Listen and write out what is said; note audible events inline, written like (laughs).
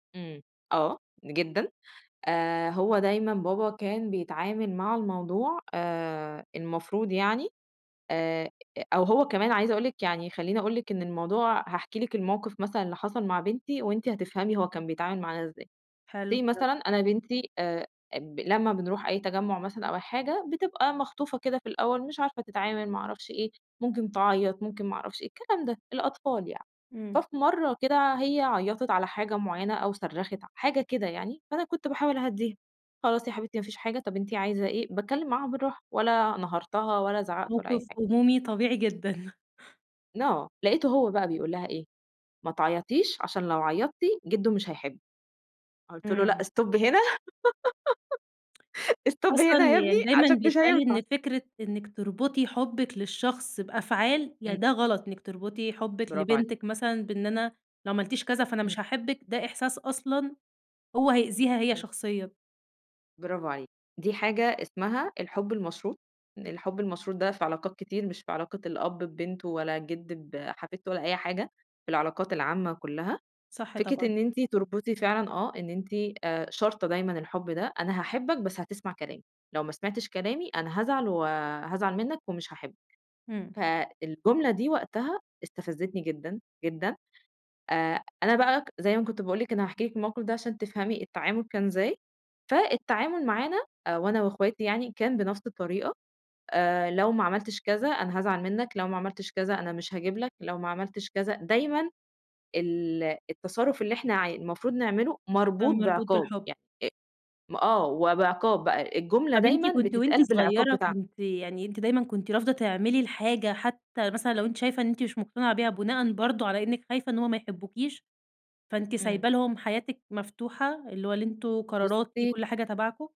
إمم، آه، جدًا آآ، هو دايمًا بابا كان بيتعامل مع الموضوع آآ المفروض يعني آآ، أو هو كمان عايزة أقول لِك يعني خلّيني أقول لِك إن الموضوع هاحكي لِك الموقف مثلًا اللي حصل مع بنتي وأنتِ هتفهمي هو كان بيتعامل معانا إزاي، say حلو. (unintelligible) مثلًا أنا بنتي آآ، ب لمّا بنروح أي تجَمُّع مثلًا أو أي حاجة بتبقى مخطوفة كده في الأول مش عارفة تتعامل ما اعرفش إيه، ممكن تعيط، ممكن ما اعرفش إيه، الكلام ده الأطفال يعني. إمم. ففي مَرّة كده هي عيّطِت على حاجة معينة أو صرّخِت ع حاجة كده يعني، فأنا كنت باحاول أهَدّيها، "خلاص يا حبيبتي ما فيش حاجة طب أنتِ عايزة إيه؟" باتكلّم معاها بالراحة ولا نهرتها ولا زعقت ولا أي موقف حاجة. أُمومي طبيعي جدًا. (chuckles) ن آه، لقيته هو بقى بيقول لها إيه، "ما تعيطيش عشان لو عيطتي جدو مش هيحبِّك."، قُلت له: "لأ إمم. stop هنا"، (laughs) stop أصلًا هنا يا ابني يعني دايمًا عشان مش بيتقال هينفع. إن فكرة إنّك تربطي حُبِّك للشخص بأفعال ي إمم. ده غلط، إنّك تربطي حُبِّك برافو عليكِ. لبنتِك مثلًا بإن أنا لو عملتيش كذا فأنا إمم. مش هاحبك، ده إحساس أصلًا هو هيأذيها هي إمم. شخصيًا. برافو عليكِ، دي حاجة اسمها الحب المشروط، الحب المشروط ده في علاقات كتير مش في علاقة الأب ببنته ولا الجد بحفيدته ولا أي حاجة، في العلاقات العامة كلّها، صح فكرة طبعًا. إن أنتِ تربطي فعلًا آه إن أنتِ آآ، شارطة دايمًا الحب ده، أنا هاحبك بس هتسمع كلامي، لو ما سمعتش كلامي أنا هازعل و هازعل منك ومش هاحبك، إمم. فالجملة دي وقتها استفزتني جدًا، جدًا. آآ، أنا بقى زي ما كنت باقول لِك أنا هاحكي لِك الموقف ده عشان تفهمي التعامل كان إزاي، فالتعامل معانا آآ، وأنا وأخواتي يعني كان بنفس الطريقة، آآ، لو ما عملتش كذا أنا هازعل منك، لو ما عملتش كذا أنا مش هاجيب لك، لو ما عملتش كذا دايمًا ال التصرف اللي إحنا ع المفروض نعمله مربوط كان مربوط بعقاب بالحب. يع أ آه، وبعقاب بقى، الجملة طب أنتِ دايمًا كنتِ وأنتِ بتتقال بالعقاب صغيّرة بتاعها. كنتِ يعني أنتِ دايمًا كنتِ رافضة تعملي الحاجة حتى مثلًا لو أنتِ شايفة إن أنتِ مش مقتنعة بيها بناءً برضو على إنِّك خايفة إن هو ما يحبوكيش، فأنتِ إمم. سايبة لهم حياتِك مفتوحة، اللي هو اللي أنتم قراراتي بُصي كُلّ حاجة تبعكُم؟